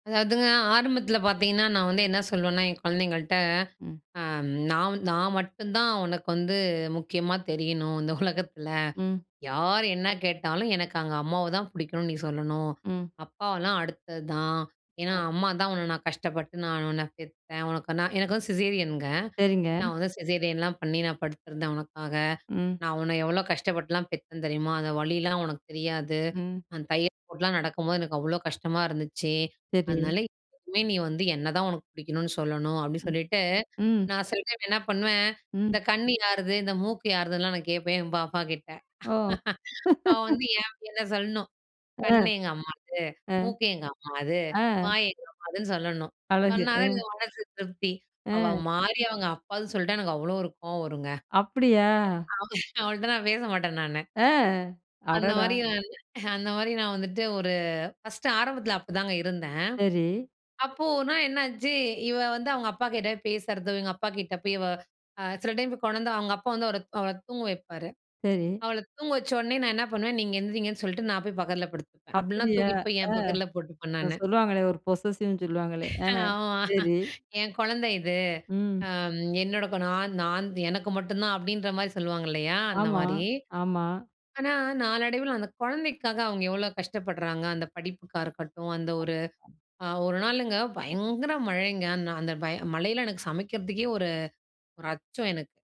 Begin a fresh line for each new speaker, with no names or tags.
அதாவதுங்க, ஆரம்பத்தில பாத்தீங்கன்னா நான் வந்து என்ன சொல்வேன்னா என் குழந்தைங்கள்ட்ட,
ம்.
அம் நான் நான் மட்டும் தான் உனக்கு வந்து முக்கியமா தெரியணும் இந்த உலகத்தில.
ம்.
யார் என்ன கேட்டாலும் எனக்கு அங்க அம்மாவதான் பிடிக்கும்னு நீ சொல்லணும்.
ம்.
அப்பாவெல்லாம் அடுத்தது தான். ஏன்னா அம்மாதான் உன்ன நான் கஷ்டப்பட்டு நானு உன்ன பெத்தேன். உனக்கு நான் எனக்கு வந்து சிசேரியன்ங்க.
சரிங்க.
நான் வந்து சிசேரியன்லாம் பண்ணி நான் படுத்திருந்தேன் உனக்காக.
ம்.
நான் உன்ன எவ்ளோ கஷ்டப்பட்டுலாம் பெத்தேன் தெரியுமா? அந்த வலியிலாம் உனக்கு தெரியாது.
ம்.
அந்த தையல் போட்லாம் நடக்கும்போது எனக்கு அவ்ளோ கஷ்டமா இருந்துச்சு.
சரி.
அதனால எப்பவுமே நீ வந்து என்னதான் உனக்கு பிடிக்கணும்னு சொல்லணும் அப்படி
ம்.
சொல்லிட்டு
ம்.
நான் சில டைம் என்ன பண்ணுவேன் இந்த
ம்.
கண் யாருது, இந்த மூக்கு யாருதுன்லாம் நான் கேட்பேன் என் பாப்பாகிட்ட.
ஓ.
அவ வந்து யேன் என்ன சொல்லணும்.
அ.
கண் எங்க அம்மாது,
அ.
மூக்கு எங்க அம்மாது,
ஆ.
வாய் எங்க அம்மாதுன்னு சொல்லணும்.
அழகு.
சொன்னா தான்
ம்.
எனக்கு மனசு திருப்தி. அவ
ம்.
மாறி அவங்க அப்பான்னு சொல்ட்டா எனக்கு அவ்ளோ ஒரு கோவம் வரும்ங்க.
அப்டியா?
அவ அவள்ட்ட நான் பேச மாட்டேன் நானு.
அ.
அந்த மாரி
அடடா!
நானு அந்த மாரி நான் வந்துட்டு ஒரு ஃபர்ஸ்ட்டு ஆரம்பத்தில அப்டி தாங்க இருந்தேன்.
சரி.
அப்போ ஓர்னா என்னாச்சு, இவ வந்து அவங்க அப்பாகிட்ட பேசுறதும், எங்க அப்பாக்கிட்ட பேய் இவ அ சில டைம் போய் கொணந்து அவங்க அப்பா வந்து அவர அவள தூங்க வைப்பாரு.
சரி.
அவள தூங்க வச்சோனே நான் என்ன பண்ணுவேன் நீங்க எந்திரிங்கன்னு சொல்லிட்டு நான் போய் பக்கத்தில படுத்துப்பேன், அப்படின்னா
அப்டியா.
தூக்கிட்டு போய்
ஆ!
என் பக்கத்துல போட்டுப்பன் நானு.
சொல்லுவாங்களே, ஒரு பொசசிவ்னு சொல்லுவாங்களே. ஆ,
ஆமா.
சரி.
என் குழந்த இது.
ம்.
அம். என்னோட குனா நான் நான் எனக்கு மட்டும் தான் அப்படின்ற மாரி சொல்லுவாங்க இல்லயா, அந்த
ஆமா,
மாரி.
ஆமா.
ஆனா, நாளடைவில அந்த குழந்தைக்காக அவங்க எவ்வளோ கஷ்டப்படுறாங்க, அந்த படிப்புக்கா இருக்கட்டும் அந்த ஒரு அ ஒரு நாளுங்க பயங்கர மழைங்க, நான் அந்த பய மழையில எனக்கு சமைக்கிறதுக்கே ஒரு ஒரு அச்சம் எனக்கு.